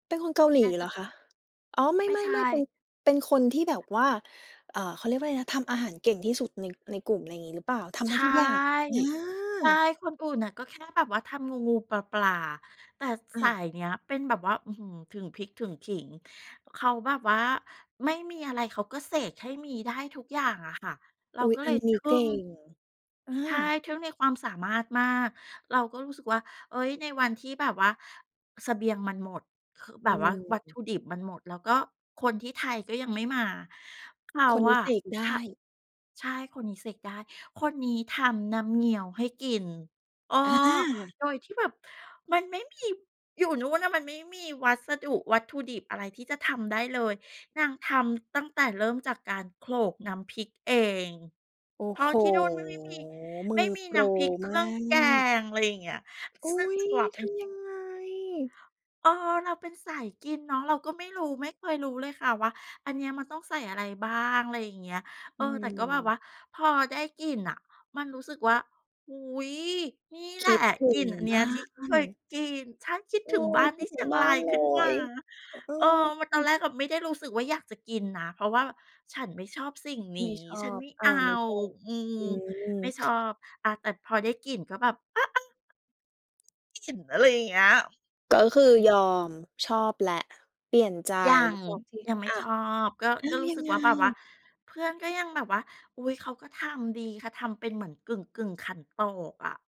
เป็นคนเกาหลอีาจเจหะ รอคะ? อ๋อ ไมไม่ใช่ ๆ ๆ เป็่ น เป็นคนที่แบบว่า เอ่อ เขาเรียกว่าไรนะ ทำอาหารเก่งที่สุดใน ในกลุ่ม ไรงี้หรือเปล่า ทำใชได้่ ทุกอย่าง เอใช่ อ คนอื่นน่ะก็แค่แบบว่าทำงู ๆ ปลา ๆ แต่อสาา ยเนี้ยเป็นแบบว่า อื้อฮือ ถึงพริกถึงขิง เขาแบบว่าไม่มีอะไรเขาก็เสกให้มีได้ทุกอย่างอะค่ะ เราอุ๊ย ก็อเลัยนนที้ึ่เกง ่ง อใช่ า ทึ่งในความสามารถมาก เราก็รู้สึกว่า เอ้ย ในวันที่แบบว่าเสบียงมันหมด คือแบอบว่าวัตถืม ุดิบมันหมด แล้วก็คนที่ไทยก็ยังไม่มา เขาคนนีอ้ะ เสกไดท ้ ใช่ คนนี้เสกได้ คนนี้ทำน้ำเงี้ยวให้กิน เออ อา โดยที่แบบมันไม่มี อยู่นู่นน่ะมันไม่มีวัสดุ วัตถุดิบอะไรที่จะทำได้เลย นางทำตั้งแต่เริ่มจากการโขลกน้ำพริกเอง โอ้เพราโะฮ ที่นู่นไม่มี มไืม่อมีโปนร้ำพริกเคมรืา่องแกก ง ไรอย่างเงี้ย อซุ้ึ่งย กลับเปท็น ำยังไง? เออ เราเป็นสายกินเนาะ เราก็ไม่รู้ ไม่เคยรู้เลยค่ะว่า อันเนี้ยมันต้องใส่อะไรบ้าง ไรอย่างเงี้ย เออือ แต่ก็แบบวม ่าพอได้กลิ่นน่ะมันรู้สึกว่า โอ้โฮ นี่คแหละ ิดถึกลิง่นอันเนีบ้ย้าที่เคยน กิน ฉันคิดเอถอ ึงบ้านคทิีด่เถชึีงยงบ้ราานยเลขึ้นมา ย เอเออ มัน ตอนแอ รกก็ไม่ได้รู้สึกว่าอยากจะกินนะ เพราะว่าฉันไม่ชอบสิ่งนไม่ี้ ชอฉันบ ไม่อเา อา ไม่ชอบ อืม อืไม่อ ชอบ อะแต่พอได้กลิ่นก็แบบ อา ๆ กลิ่นอะไรอย่างเงี้ย ก็คือยอม ชอบแหละ เปลี่ยนใจ ยัง บอกสิ ยังไม่อ้าชว! อบ ก็ อ้าก็วรูย้ัสึงกไว่าแบบว่า ง? เพื่อนก็ยังแบบว่า อุ๊ย เขาก็ทำดี เขาทำเป็นเหมือนกึ่ง ๆ ขันโตกอะ